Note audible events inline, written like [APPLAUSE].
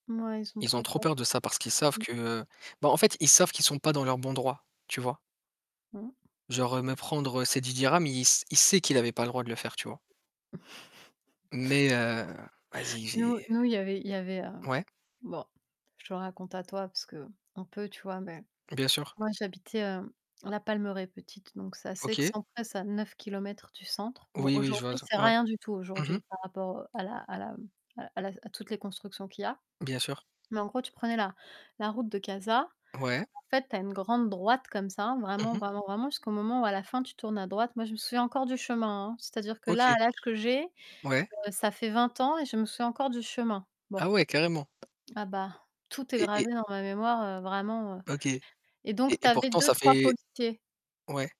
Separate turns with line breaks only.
Mouais, ils sont
Ils ont
très
trop peur
pauvres.
de ça parce qu'ils savent
Mmh.
que bah, en fait ils savent qu'ils sont pas dans leurs bons droits, tu vois?
Mmh.
Genre, heu, me prendre, heu, ces 10 dirhams, il s il sait qu'il avait le droit de le faire, tu vois? Mais, heu, vas-y,
[CHUCKLES] Nous
j'ai
nous, il y avait il y avait, heu
Ouais?
bon, je te raconte à toi parce qu'on peut, tu vois? Mais,
Bien sûr.
moi, j'habitais, heu, La Palmeraie, petite, donc c'est assez
OK.
excentré, c'est à 9 kilomètres du centre. Bon,
Oui, oui, je vois,
aujourd'hui,
z
c'est
ouais.
rien du tout
Mmh mh.
aujourd'hui, par rapport, heu, à la à la m à la- la s à toutes les constructions qu'il y a.
Bien sûr.
Mais en gros, tu prenais la la route de Casa.
Ouais.
Et en fait, tu as une grande droite comme ça, vraiment,
Mmh mh.
vraiment, vraiment jusqu'au moment où à la fin, tu tournes à droite. Moi, je me souviens encore du chemin, hein. C'est-à-dire que là,
OK.
à l'âge que j'ai, heu,
Ouais.
ça fait 20 ans et je me souviens encore du chemin. Bon
Ah ouais, carrément.
ah bah, tout est
Et et
gravé dans ma mémoire, heu, vraiment, heu,
OK. Et
et donc tu
et
avais
pourtant ça
2-3
fait
policiers.
ouais.